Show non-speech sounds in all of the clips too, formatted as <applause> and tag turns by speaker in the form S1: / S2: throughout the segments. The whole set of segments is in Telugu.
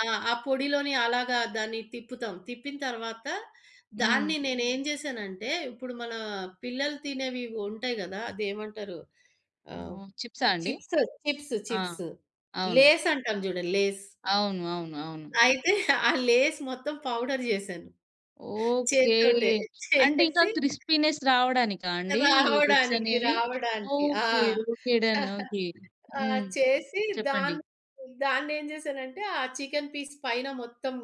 S1: ఆ! ఆ పొడిలోని అలాగా దాన్ని తిప్పుతాం, తిప్పిన తర్వాత
S2: హ్మ్.
S1: దాన్ని నేనేం జేసానంటే, ఇప్పుడు మన పిల్లలు తినేవి ఉంటాయి గదా! అది ఏమంటారు, ఆహ్,
S2: ఓహ్! చిప్సా అండి.
S1: చిప్స్, చిప్స్,
S2: ఆ!
S1: చిప్స్
S2: అవును.
S1: లేస్ అంటాం చూడు లేస్.
S2: అవును. అవును. అవును.
S1: అయితే <giggles> ఆ లేస్ మొత్తం పౌడర్ జేసాను.
S2: ఓకే,
S1: చేత్తోటే
S2: అంటే ఇంకా
S1: చేసి
S2: క్రిస్పీనెస్ రావడానికా అండి. ఈ టిప్స్
S1: రావడానికి
S2: అనేవి?
S1: రావడానికి. ఆ!
S2: Okay okay done.
S1: <giggles>
S2: ఓకే.
S1: ఆ!
S2: హ్మ్,
S1: చేసి
S2: చెప్పండి.
S1: దాన్ని, దాన్నేం చేసానంటే, ఆ చికెన్ పీస్ పైన మొత్తం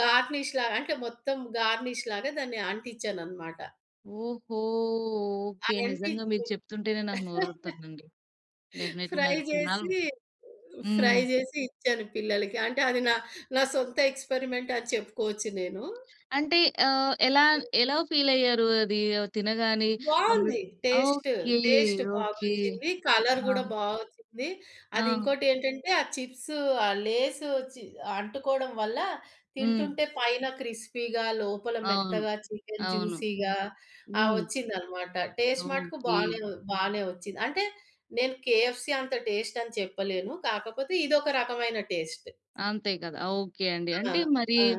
S1: గార్నిష్‌లాగా అంటే మొత్తం గార్నిష్‌లాగా దాన్ని అంటించ్చాననమాట.
S2: ఓహో! ఓకే. నిజంగా
S1: అదంటిచ్చి
S2: మీరు చెప్తుంటేనే నాకు
S1: <chuckles>
S2: నోరూరుతుందండి. డెఫినెట్లీ
S1: ఫ్రై
S2: నాకు తినాల్
S1: చేసి, ఫ్రై
S2: హ్మ్.
S1: చేసి ఇచ్చాను పిల్లలకి. అంటే అది నా, నా సొంత ఎక్స్‌పెరిమెంట్ అని చెప్పుకోవచ్చు నేను.
S2: అంటే ఆహ్, ఎలా ఎలా ఫీల్ అయ్యారు. అది తినగానే? మమ్మీ
S1: బావుంది టేస్ట్.
S2: Okay
S1: taste
S2: okay.
S1: బాగొచ్చింది. కలర్
S2: ఆ!
S1: గూడా బాగొచ్చింది. అది
S2: ఆ!
S1: ఇంకోటేంటంటే ఆ చిప్సు, ఆ లేసు చి అంటుకోవడం వల్ల
S2: హ్మ్.
S1: తింటుంటే పైన క్రిస్పీగా లోపల
S2: అవును.
S1: మెత్తగా చికెన్
S2: అవును.
S1: జ్యూసీ‌గా ఆ!
S2: హ్మ్.
S1: వచ్చిందనమాట. టేస్ట్ మటుకు
S2: ఓకే.
S1: బానే బానే వచ్చింది అంటే నేను కేఎఫ్‌సి అంత టేస్ట్ అని చెప్పలేను. కాకపోతే ఇదొక రకమైన టేస్ట్.
S2: అంతే గదా! ఓకే అండి.
S1: ఆ!
S2: అంటే మరి
S1: ఆ!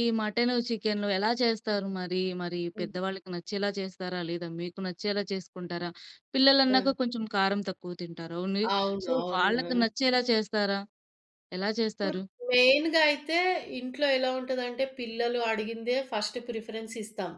S2: ఈ మటను, చికెను ఎలా చేస్తారు? మరి మరి
S1: హ్మ్.
S2: పెద్ద వాళ్ళకి నచ్చేలా చేస్తారా? లేదా మీకు నచ్చేలా చేసుకుంటారా?
S1: ఆ!
S2: పిల్లలన్నాక కొంచెం కారం తక్కువ తింటారు. ఓన్లీ.
S1: అవును.
S2: సో,
S1: అవును.
S2: వాళ్ళకి
S1: ఆ!
S2: నచ్చేలా చేస్తారా? ఎలా
S1: ఇప్పుడు
S2: చేస్తారు?
S1: మెయిన్‌గా అయితే ఇంట్లో ఎలా ఉంటదంటే, పిల్లలు అడిగిందే ఫస్ట్ ప్రిఫరెన్స్ ఇస్తాం.